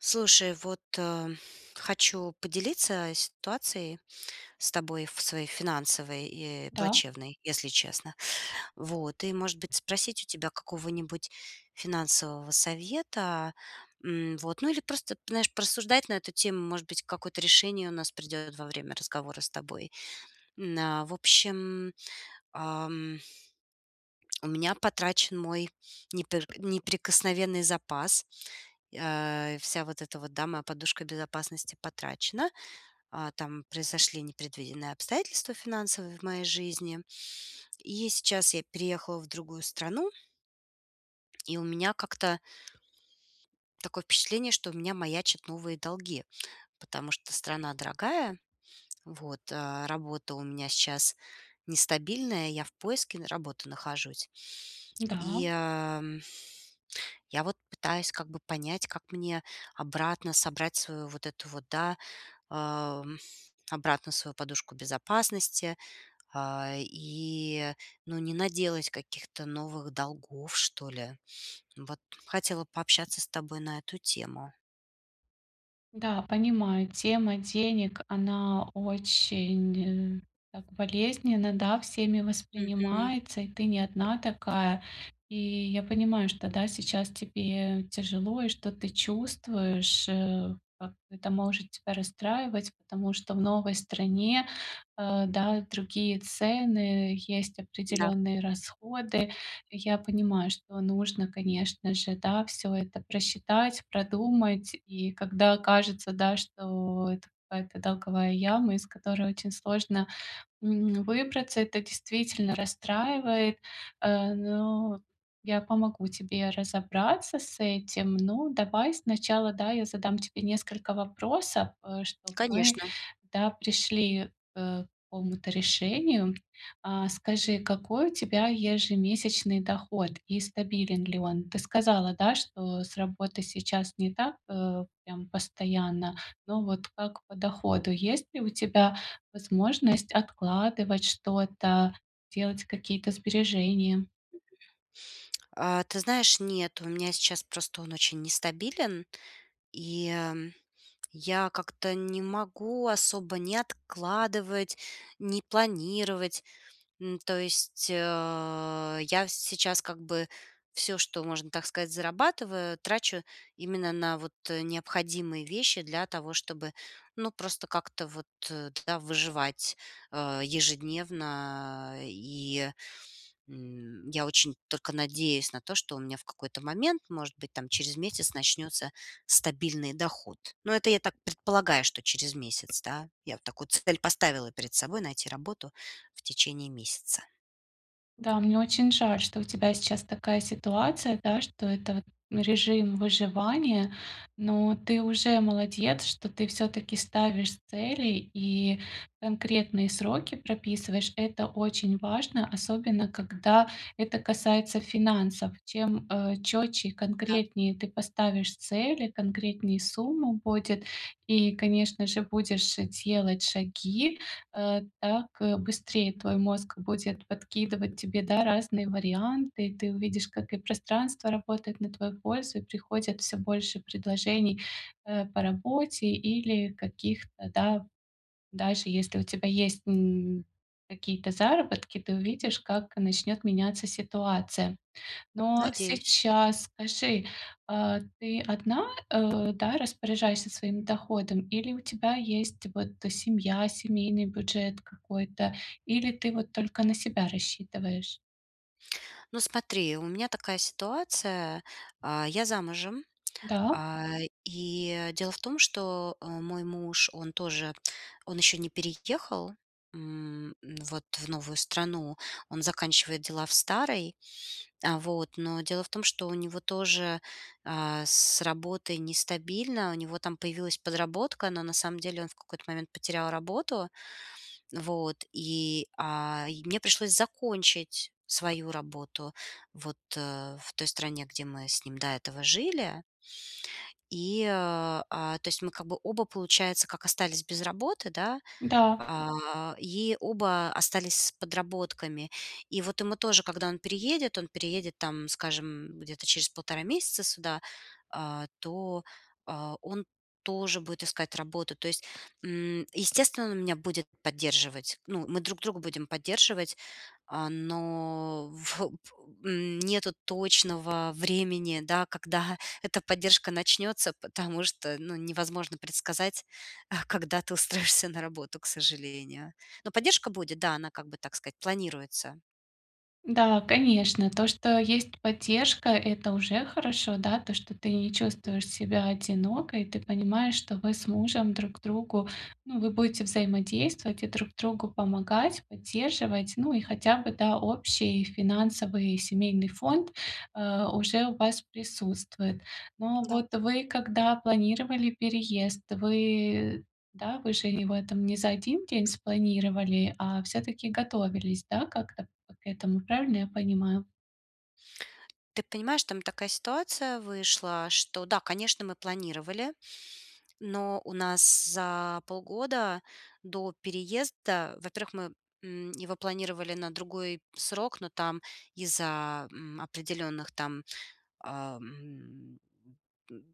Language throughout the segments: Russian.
Слушай, вот, ам, хочу поделиться ситуацией с тобой в своей финансовой и Да. плачевной, если честно. Вот и, может быть, спросить у тебя какого-нибудь финансового совета. М, вот, ну или просто п знаешь, порассуждать на эту тему. Может быть, какое-то решение у нас придет во время разговора с тобой. М, на в общем, ам. У меня потрачен мой непер неприкосновенный запас. А, вся вот эта вот, да, моя подушка безопасности потрачена. А, там произошли непредвиденные обстоятельства финансовые в моей жизни. И я сейчас я переехала в другую страну. И у меня как-то Такое впечатление, что у меня маячат новые долги, потому что страна дорогая, вот, а работа у меня сейчас нестабильная. Я в поиске на работы нахожусь. Да. И, ам, я вот пытаюсь как бы понять, как мне обратно собрать свою вот эту вот, да, ам, обратно свою подушку безопасности. А, и, ну, не наделать каких-то новых долгов, что ли. Вот. Хотела пообщаться с тобой на эту тему. Да, понимаю, тема денег, она очень так болезненно, да, всеми Мгм. воспринимается. И ты не одна такая. И я понимаю, что, да, сейчас тебе тяжело, и что ты чувствуешь, э, как это может тебя расстраивать, потому что в новой стране, а, да, другие цены, есть Да. определенные расходы. Я понимаю, что нужно, конечно же, да, всё это просчитать, продумать. И когда кажется, да, что это какая-то долговая яма, из которой очень сложно, м, выбраться, это действительно расстраивает. А, но я помогу тебе разобраться с этим. Но давай сначала, да, я задам тебе несколько вопросов, э, чтоб мы, Конечно. да, пришли, э, к какому-то решению. А скажи, какой у тебя ежемесячный доход и стабилен ли он? Ты сказала, да, что с работой сейчас не так, э, прям постоянно, но вот как по доходу? Есть ли у тебя возможность откладывать что-то, делать какие-то сбережения? А, ты знаешь, нет. У меня сейчас просто он очень нестабилен, и, м, я как-то не могу особо ни откладывать, ни планировать. М то есть, а, я сейчас как бы всё, что можно, так сказать, зарабатываю, трачу именно на вот, э, необходимые вещи для того, чтобы, ну, просто как-то вот, да, выживать, а, ежедневно. И, м, я очень только надеюсь на то, что у меня в какой-то момент, может быть, там через месяц начнется стабильный доход. Но это я так предполагаю, что через месяц, да. Я такую цель поставила перед собой: найти работу в течение месяца. Да, мне очень жаль, что у тебя сейчас такая ситуация, да, что это вот, ну, режим выживания, но ты уже молодец, что ты всё-таки ставишь цели и конкретные сроки прописываешь. Это очень важно, особенно когда это касается финансов. Чем, э, четче и Да. конкретнее ты поставишь цели, конкретней сумма будет и, конечно же, будешь делать шаги, э, так, э, быстрее твой мозг будет подкидывать тебе, да, разные варианты. И ты увидишь, как и пространство работает на твою пользу, и приходит всё больше предложений, э, по работе или каких-то, да, даже если у тебя есть, м, какие-то заработки, ты Мгм. увидишь, как начнет меняться ситуация. Но Надеюсь. сейчас скажи, а, ты одна, э, да, распоряжаешься своим доходом, или у тебя есть вот семья, семейный бюджет какой-то? Или ты вот только на себя рассчитываешь? Ну смотри, у меня такая ситуация. А, я замужем, Да. а, и дело в том, что, э, мой муж, он тоже, он еще не переехал, м, вот в новую страну. Он заканчивает дела в старой. А, вот. Но дело в том, что у него тоже, а, с работой нестабильно. У него там появилась подработка, но на самом деле он в какой-то момент потерял работу. Вот. И, а, и мне пришлось закончить свою работу вот, э, в той стране, где мы с ним до этого жили. И, а, а то есть мы как бы оба, получается, как остались без работы, да. Да. А, и оба остались с подработками. И вот ему тоже, когда он переедет, он переедет, там скажем, где-то через 1,5 месяца сюда, а то а, он тоже будет искать работу. То есть, м, естественно, он меня будет поддерживать, ну, мы друг друга будем поддерживать, а, но во м, нету точного времени, да, когда эта поддержка начнется, потому что, ну, невозможно предсказать, а, когда ты устроишься на работу, к сожалению. Но поддержка будет, да, она, как бы так сказать, планируется. Да, конечно, то, что есть поддержка- это уже хорошо. Да, то, что ты не чувствуешь Мгм. себя одинокой, ты понимаешь, что вы с мужем друг другу, ну, вы будете взаимодействовать и друг другу помогать, поддерживать. Ну и хотя бы, да, общий финансовый семейный фонд, э, уже у вас присутствует. Но Да. вот вы когда планировали переезд, вы, да, вы же его там не за 1 день спланировали, а всё-таки готовились, да, как-то к этому, правильно я понимаю? Ты понимаешь, там такая ситуация вышла, что да, конечно, мы планировали, но у нас за полгода до переезда, во-первых, мы, м, его планировали на другой срок, но там из-за, м, определенных там, ам м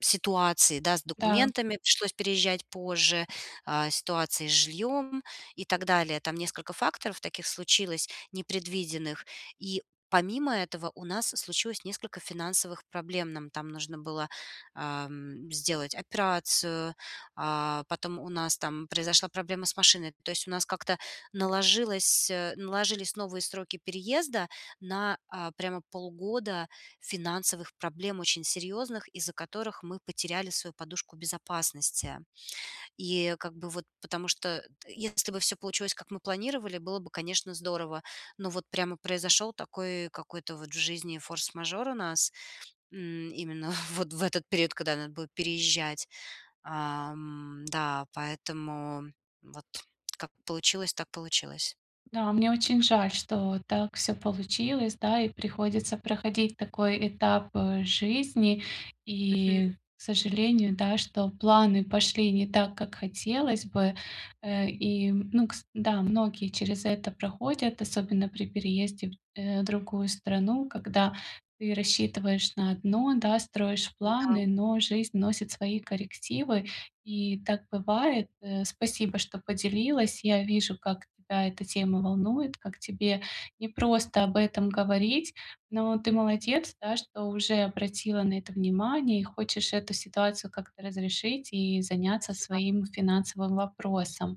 Ситуаций, да, с Да. документами пришлось переезжать позже, а, ситуации с жильем и так далее. Там несколько факторов таких случилось непредвиденных. И помимо этого у нас случилось несколько финансовых проблем. Нам там нужно было, ам, сделать операцию, а, потом у нас там произошла проблема с машиной. То есть у нас как-то наложилось э, наложились новые сроки переезда на, а, прямо полгода финансовых проблем, очень серьезных, из-за которых мы потеряли свою подушку безопасности. И как бы вот, потому что т если бы всё получилось, как мы планировали, было бы, конечно, здорово. Но вот прямо произошел такой какой-то вот в жизни форс-мажор у нас, м, именно вот в этот период, когда надо будет переезжать. Ам, да, поэтому вот как получилось, так получилось. Да, мне очень жаль, что так всё получилось, да, и приходится проходить такой этап, э, жизни. Мгм. И, к сожалению, да, что планы пошли не так, как хотелось бы. Э, и, ну, кс да, многие через это проходят, особенно при переезде в, э, другую страну, когда ты рассчитываешь на одно, да, строишь М-да. планы, но жизнь вносит свои коррективы. И так бывает. Э, спасибо, что поделилась. Я вижу, как тебя эта тема волнует, как тебе непросто об этом говорить, но ты молодец, да, что уже обратила на это внимание и хочешь эту ситуацию как-то разрешить и заняться Спасибо. своим финансовым вопросом.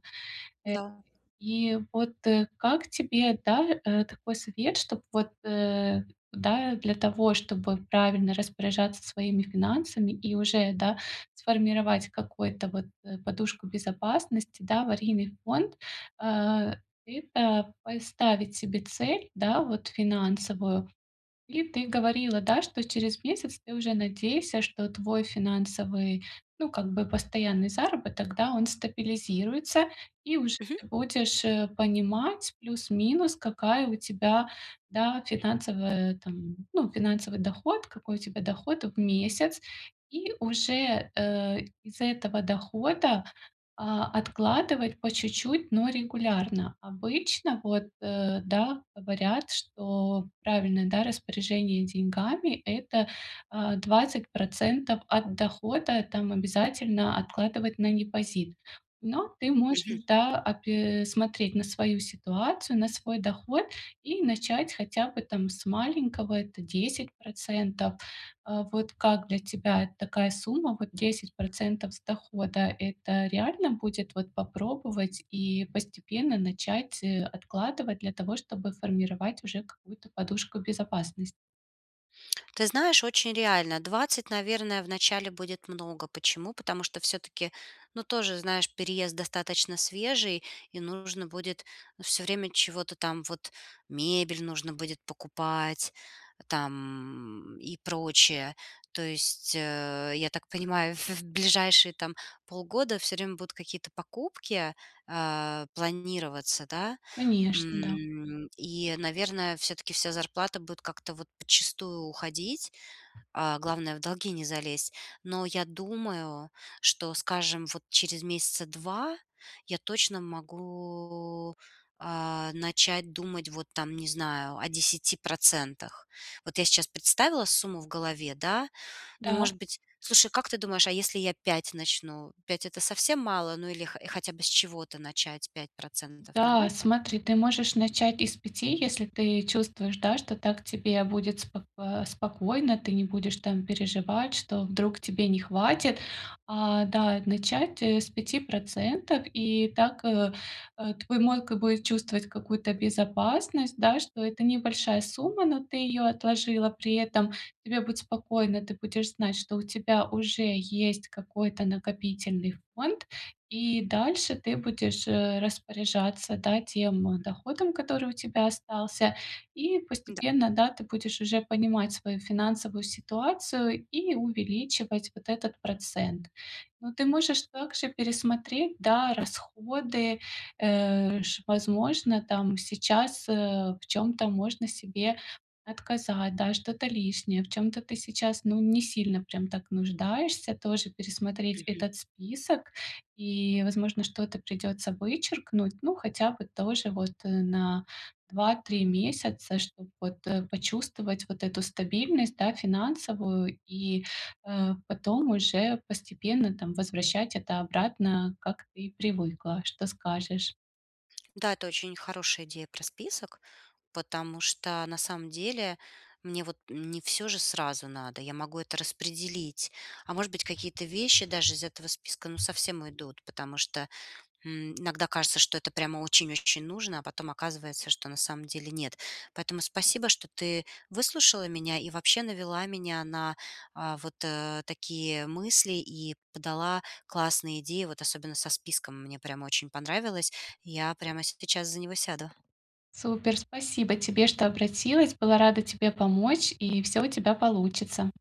Да. Э, и вот, э, как тебе, да, э, такой совет, чтоб вот, э, да, для того, чтобы правильно распоряжаться своими финансами и уже, да, сформировать какой-то вот, э, подушку безопасности, да, аварийный фонд, а, и так, поставить себе цель, да, вот финансовую? И ты говорила, да, что через месяц ты уже надейся, что твой финансовый, ну как бы постоянный заработок, да, он стабилизируется и уже Мгм. ты будешь, э, понимать плюс-минус, какая у тебя, да, финансовая там, ну, финансовый доход, какой у тебя доход в месяц. И уже, э, из этого дохода, а, откладывать по чуть-чуть, но регулярно. Обычно вот, э, да, говорят, что правильное, да, распоряжение деньгами- это, а, 20 % от дохода. Там обязательно откладывать на депозит. Но ты Мгм. можешь, да, опе смотреть на свою ситуацию, на свой доход и начать хотя бы там с маленького. Это 10 %. А вот как для тебя такая сумма? Вот 10 % с дохода- это реально будет вот попробовать и постепенно начать откладывать для того, чтобы формировать уже какую-то подушку безопасност Ты знаешь, очень реально. 20, наверное, вначале будет много. Почему? Потому что всё-таки, ну тоже, знаешь, переезд достаточно свежий, и нужно будет всё время чего-то там вот: мебель нужно будет покупать там и прочее. То есть, э, я так понимаю, в в ближайшие там полгода всё время будут какие-то покупки, а, планироваться, да? Конечно, да. М, и, наверное, всё-таки вся зарплата будет как-то вот подчистую уходить. А, главное- в долги не залезть. Но я думаю, что, скажем, вот через 2 месяца я точно могу, а, начать думать, вот там не знаю, о 10 %. Вот я сейчас представила сумму в голове, да? Ну Да. может быть слушай, как ты думаешь, а если я 5 начну, 5- это совсем мало? Ну или хо хотя бы с чего-то начать: 5 %, Да, нормально? смотри, ты можешь начать и с 5, если ты чувствуешь, да, что так тебе будет спок а, спокойно, ты не будешь там переживать, что вдруг тебе не хватит. А, да, начать, э, с 5 %, и так, э, э, твой мойка будет чувствовать какую-то безопасность, да, что это небольшая сумма, но ты ее отложила. При этом тебе будет спокойно, ты будешь знать, что у тебя уже есть какой-то накопительный фонд, и дальше ты будешь, э, распоряжаться, да, тем, э, доходом, который у тебя остался. И М-да. постепенно, да, ты будешь уже понимать свою финансовую ситуацию и увеличивать вот этот процент. Но ты можешь также пересмотреть, да, расходы, э, ш возможно, там сейчас, э, в чём-то можно себе отказать, да, что-то лишнее, в чём-то ты сейчас, ну, не сильно прям так нуждаешься. Тоже пересмотреть Мгм. этот список. И, возможно, что-то придется вычеркнуть. Ну, хотя бы тоже вот, э, на 2-3 месяца, чтоб вот, э, почувствовать вот эту стабильность, да, финансовую и, э, потом уже постепенно там возвращать это обратно, как ты и привыкла. Что скажешь? Да, это очень хорошая идея про список, потому что на самом деле мне вот не всё же сразу надо. Я могу это распределить, а может быть, какие-то вещи даже из этого списка, ну, совсем уйдут, потому что, м иногда кажется, что это прямо очень-очень нужно, а потом оказывается, что на самом деле нет. Поэтому спасибо, что ты выслушала меня и вообще навела меня на, а, вот, э, такие мысли, и подала классные идеи, вот особенно со списком. Мне прямо очень понравилось. Я прямо сейчас за него сяду. Супер! Спасибо тебе, что обратилась! Была рада тебе помочь, и всё у тебя получится!